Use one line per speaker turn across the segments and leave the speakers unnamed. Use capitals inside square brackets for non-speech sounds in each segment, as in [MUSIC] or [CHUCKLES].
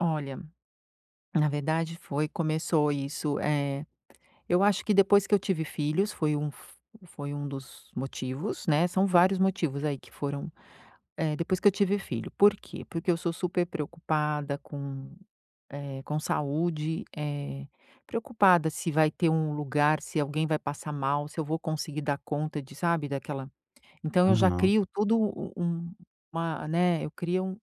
Olha, na verdade foi começou isso, eh, eu acho que depois que eu tive filhos foi um f foi um dos motivos, né, são vários motivos aí que foram, eh, depois que eu tive filho, por quê? Porque eu sou super preocupada com, eh, com saúde, eh, preocupada se vai ter um lugar, se alguém vai passar mal, se eu vou conseguir dar conta de sabe, daquela então eu já
Aham.
crio todo um uma, né, eu crio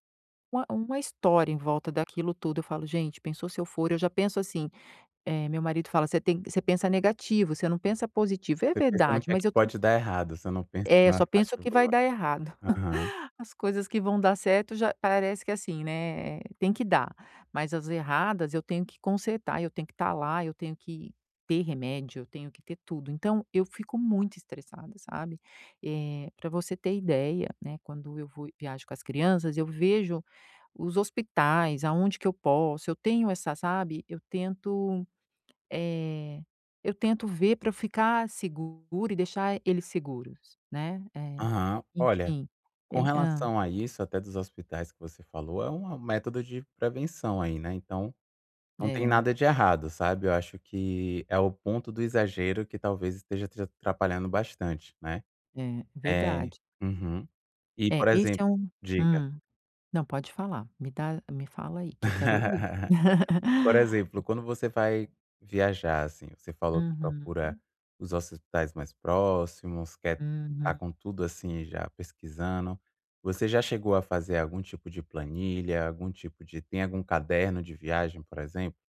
uma uma história em volta daquilo tudo. Eu falo: "Gente, pensou se eu for" Eu já penso assim, eh, meu marido fala: "Você tem você pensa negativo, você não pensa positivo". E é
Você pensa no
verdade,
que é
mas
que
eu tam
pode dar errado, você não pensa
É, eu
na
só
parte
penso que vai
boa.
dar errado,
Aham.
[CHUCKLES] as coisas que vão dar certo já parece que assim, né, tem que dar, mas as erradas eu tenho que consertar, eu tenho que estar lá, eu tenho que ter remédio, eu tenho que ter tudo, então eu fico muito estressada, sabe. Eh, pra você ter ideia, né, quando eu vou e viajo com as crianças, eu vejo os hospitais aonde que eu posso eu tenho essa, sabe, eu tento, eh, eu tento ver pra eu ficar seguro e deixar ele seguros, né, eh,
Aham. Olha,
enfim.
com
Eh hã.
relação a isso, até dos hospitais que você falou, é um método de prevenção aí, né. Então, não tem
É.
nada de errado, sabe, eu acho que é o ponto do exagero que talvez esteja te atrapalhando bastante, né.
É,
É
verdade.
uhum. E, por
É, esse
exemplo
é um
diga.
hum. Não, pode falar me dá me fala aí que eu quero ouvir.
[LAUGHS] Por exemplo,
[CHUCKLES]
quando você vai viajar, assim, você falou que procura
Uhum.
os hospitais mais próximos, quer estar
Uhum.
com tudo, assim, já pesquisando, você já chegou a fazer algum tipo de planilha, algum tipo de tem algum caderno de viagem, por exemplo?